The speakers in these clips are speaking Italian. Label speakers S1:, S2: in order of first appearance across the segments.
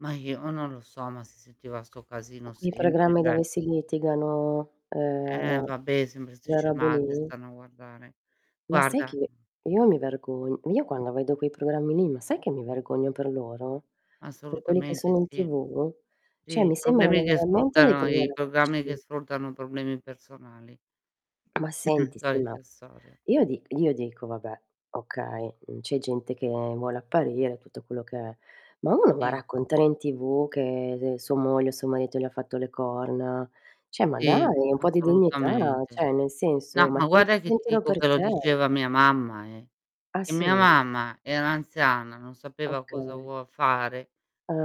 S1: Ma io non lo so, ma si sentiva sto casino
S2: I
S1: sempre,
S2: programmi
S1: cioè
S2: dove si litigano,
S1: Eh,
S2: ehm,
S1: vabbè, sempre 'ste
S2: le robe
S1: scemate
S2: lì?
S1: stanno a guardare.
S2: Ma sai
S1: Guarda
S2: che,
S1: mh.
S2: io mi vergogn io quando vedo quei programmi lì, ma sai che mi vergogno per loro? Per quelli che
S1: Assolutamente
S2: sono in
S1: sì.
S2: TV? Cioè
S1: Sì,
S2: mi sembrano
S1: problemi
S2: ma
S1: che
S2: veramente dei
S1: sfruttano i programmi che
S2: poveracci.
S1: sfruttano problemi personali.
S2: Ma senti, sì, ma
S1: Solita storia.
S2: io di io dico: "Vabbè, okay, uhm, c'è gente che vuole apparire", tutto quello che è; ma uno va a
S1: Mh.
S2: raccontare in TV che, ze sua moglie o suo marito gli ha fatto le corna. Cioè, ma
S1: Sì,
S2: dai, un po' di dignità, là,
S1: assolutamente.
S2: cioè nel
S1: No,
S2: senso, ma
S1: ma
S2: che
S1: guarda che ti
S2: tienitelo
S1: dico
S2: per
S1: che lo
S2: te.
S1: diceva mia mamma, eh.
S2: Ah,
S1: E mia
S2: sì?
S1: mamma era anziana, non sapeva cosa
S2: Okay.
S1: vuol fare,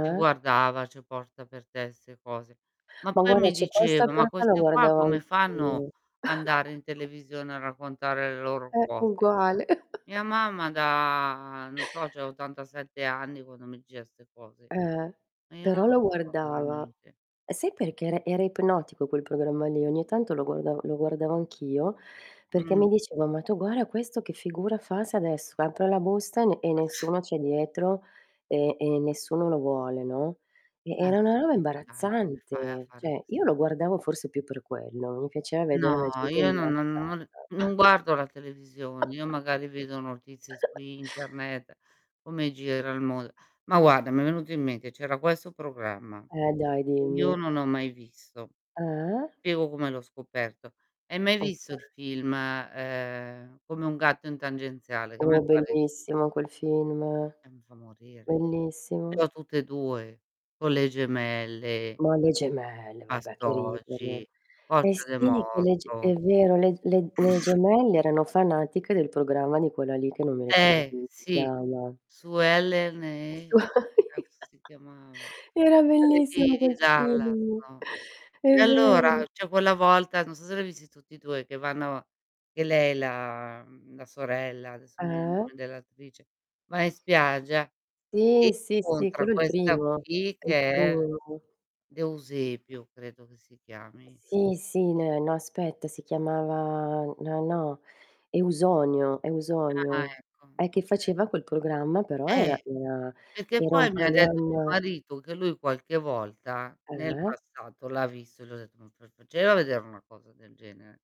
S1: ti guardava, "C'è posta per te", 'ste cose. Ma
S2: Ma
S1: poi
S2: guarda,
S1: mi
S2: c'è questa
S1: diceva:
S2: cher
S1: "Ma
S2: e la
S1: queste qua,
S2: guardavo
S1: come fanno
S2: anch'io.
S1: andare in televisione a raccontare le loro
S2: Eh,
S1: cose?"
S2: uguale.
S1: Mia mamma da non so, c'ha 87 anni quando mi diceva 'ste cose.
S2: Eh,
S1: Ma io non
S2: però la
S1: lo so,
S2: guardava.
S1: veramente.
S2: E sai perché era era ipnotico quel programma lì, ogni tanto lo guardav lo guardavo anch'io, perché mi
S1: Mh.
S2: dicevo: "Ma tu guarda questo che figura fa se adesso apre la busta e ne e nessuno c'è dietro, e e nessuno lo vuole," no, e
S1: Ma
S2: era 'na roba
S1: sì, ma dai, come fai a
S2: imbarazzante.
S1: fare
S2: Cioè,
S1: queste
S2: io lo guardavo
S1: [unintelligible]
S2: forse più per quello, mi piaceva vedere
S1: No,
S2: la gente
S1: io n non non
S2: imbarazzata.
S1: non non guardo la televisione, io magari vedo notizie su internet, come gira il mond ma guarda, mi è venuto in mente, c'era questo programma,
S2: Eh dai,
S1: che io
S2: dimmi.
S1: non ho mai visto;
S2: Eh?
S1: Piego come l'ho scoperto: hai mai
S2: Okay.
S1: visto il film, ehm, Come un gatto in tangenziale? Che a me
S2: Oh, è
S1: fa ri
S2: bellissimo quel film,
S1: Eh, mi fa morire. Ce
S2: bellissimo.
S1: l'ho tutte e 2, con le gemelle.
S2: Ma le gemelle, vabbè, che
S1: Bastogi,
S2: ridere. Eh
S1: Coccia
S2: sì,
S1: de
S2: che le ge
S1: Morto
S2: è vero, le ge le le gemelle erano fanatiche del programma di quella lì che non mi ricordo
S1: Eh,
S2: come si
S1: sì,
S2: chiama.
S1: Suellen e, cazzo si
S2: [unintelligible]
S1: chiamava?
S2: Era
S1: Quelli
S2: bellissimo
S1: di di
S2: quel
S1: Dallas,
S2: film,
S1: no,
S2: è
S1: e allora,
S2: vero.
S1: c'è quella volta, non so se l'hai visti tutti e 2, che vanno che lei, la, m mhmm, la sorella- adesso non mi viene il
S2: Eh?
S1: nome dell'attrice, va in spiaggia e
S2: Ti sì, sì,
S1: incontra
S2: quello è il
S1: questa
S2: primo,
S1: qui
S2: è il
S1: che è l
S2: primo.
S1: D'Eusepio, credo che si chiami.
S2: Sì, sì, neh no aspetta, si chiamava no, no, Eusonio,
S1: Ah,
S2: Eusonio.
S1: ecco,
S2: E che
S1: okay.
S2: faceva quel programma, però
S1: Eh,
S2: era una
S1: perché
S2: era un
S1: poi mi ha detto mio
S2: programma
S1: marito, che lui qualche volta, nel
S2: Eh?
S1: passato, l'ha visto, e gli ho detto:" [unintelligible] facevo a vedere una cosa del genere."